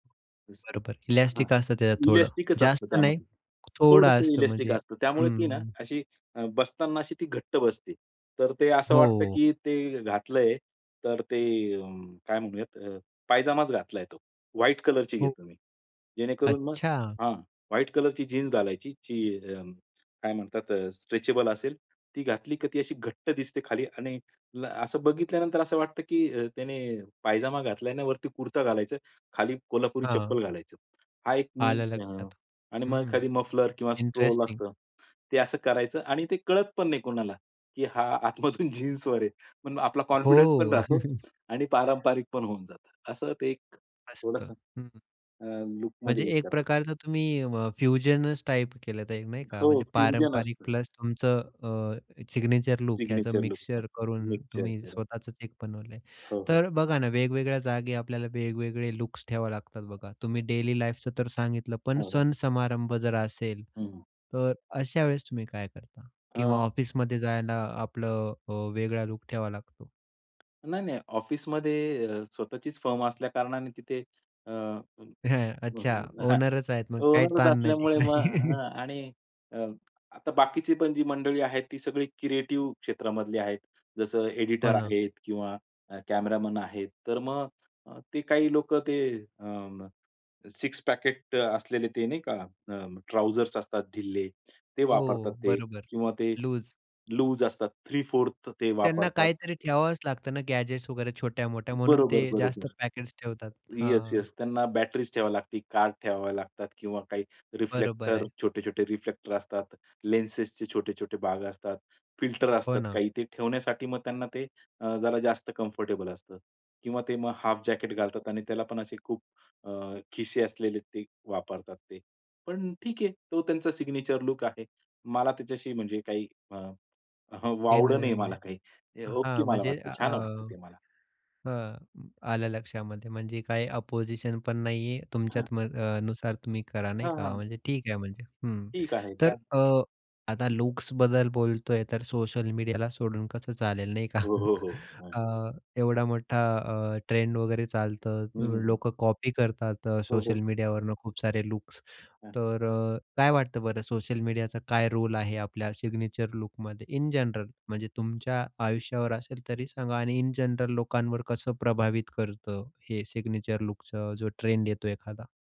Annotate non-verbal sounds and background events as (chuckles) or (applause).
Yes. बरोबर हां. Elastic असतं त्याच्यात थोडं इलास्टिकच असतं जास्त नाही, त्यामध्ये. थोडं थोडंसं असतं इलास्टिक म्हणजे. असतं. त्यामुळे ती ना हं. अशी अ, बसताना अशी ती घट्ट बसते. तर ते असं वाटतं हो. की ते घातलंय तर ते काय म्हणूयात अ, पायजामाच घातलाय तो. व्हाईट कलरची हो. घेतली मी. जेणेकरून मग अच्छा! हां. व्हाईट कलरची जीन्स घालायची जी अ, काय म्हणतात अ, स्ट्रेचेबल असेल ती घातली क ती अशी घट्ट दिसते खाली आणि असं बघितल्यानंतर असं वाटतं की अ, त्याने पायजामा घातला आणि वरती कुर्ता घालायचं, खाली कोल्हापुरी हां. चप्पल घालायचं. हा एक मी आलं अ, लक्षात. आणि मग हं. खाली मफलर किंवा स्ट्रोल इंटरेस्टिंग. असतं ते असं करायचं आणि ते कळत पण नाही कोणाला, की हा आतमधून जीन्सवर आहे. पण आपला कॉन्फिडन्स पण हो. राहतो (chuckles) आणि पारंपरिक पण होऊन जातं. असं ते एक मस्त. थोडंसं, हं, हं. अ, म्हणजे लूकमध्ये एक करतो. प्रकारचं तुम्ही अ, फ्युजनच टाइप केलं तर नाही का हो, म्हणजे फ्युजन पारंपरिक असतं. प्लस तुमचं अ, सिग्नेचर लूक ह्याच सिग्नेचर लूक पण मिक्सचर करून मिक्सचर. तुम्ही हो. स्वतःच एक बनवलंय. हो, हो. तर अ, बघा ना, वेगवेगळ्या जागी आपल्याला वेगवेगळे लुक्स ठेवावे लागतात बघा तुम्ही डेली लाईफच तर सांगितलं, पण हो, हो. सण-समारंभ जर असेल, हं, हं. तर अशा वेळेस तुम्ही काय करता? किंवा हां. ऑफिसमध्ये जायला आपलं अ, वेगळा लूक ठेवावा लागतो नाही, नाही ऑफिसमध्ये अ, स्वतःचीच फर्म असल्या कारणाने तिथे अ, (chuckles) अच्छा, (chuckles) ओनरच आहेत मग काही ओनर ताण नाही असल्यामुळे तिकडे. मग (laughs) आणि अ, आता बाकीची पण जी मंडळी आहेत, ती सगळी क्रिएटिव्ह क्षेत्रामधली आहेत. जसं हो एडिटर ना. आहेत किंवा कॅमेरामन आहेत. तर मग ते काही लोकं ते अ, 6 पॅकेट असलेले ते नाही का, अ, ट्राउझर्स असतात ढिल्ले ते वापरतात हो, ते बरोबर. किंवा ते लूज. लूज असतात 3/4 ते त्यांना वापरतात. काहीतरी ठेवावच लागतं ना, गॅजेट्स वगैरे छोट्या-मोठ्या म्हणून बरोबर, ते जास्त बरोबर. पॅकेट्स ठेवतात. येस, हां. येस, त्यांना बॅटरीज ठेवावी लागती, कार्ड ठेवावे लागतात किंवा काही बरोबर रिफ्लेक्टर आहे. छोटे-छोटे रिफ्लेक्टर असतात, लेन्सेसचे छोटे-छोटे भाग असतात, फिल्टर हो असतात ना. काही ते ठेवण्यासाठी मग त्यांना ते अ, जरा जास्त कम्फर्टेबल असतं. किंवा ते मग हाल्फ जॅकेट घालतात आणि त्याला पण असे खूप अ, खिसे असलेले ते वापरतात ते. पण ठीक आहे, तो त्यांचा सिग्नेचर लूक आहे. मला त्याच्याशी म्हणजे काही अ, (chuckles) वावडं नाही घेणं-देणं मला नाही. काही. ओके हां, मला म्हणजे वाटतं. अ, छान वाटतं ते मला. अ, आलं लक्षामध्ये. म्हणजे काही अपोझिशन पण नाहीये हां, हां. तुमच्यात. मग अ, नुसार तुम्ही करा नाही हां, का, हां. म्हणजे ठीक आहे म्हणजे. हं. ठीक आहे, तर काय. अ, आता लुक्सबद्दल बोलतोय, तर सोशल मीडियाला सोडून कसं चालेल नाही का. हो, हो, (chuckles) हो. हां. अ, एवढा मोठा अ, ट्रेंड वगैरे चालतं हं, हं, हं. लोक कॉपी करतात. हो, सोशल हो. मीडियावरून खूप सारे लुक्स हां. तर अ, काय वाटतं बरं सोशल मीडियाचा काय रोल आहे आपल्या सिग्नेचर लूकमध्ये इन जनरल म्हणजे तुमच्या आयुष्यावर असेल तरी सांगा आणि इन जनरल लोकांवर कसं प्रभावित करतं हे सिग्नेचर लूकच जो ट्रेंड येतो एखादा?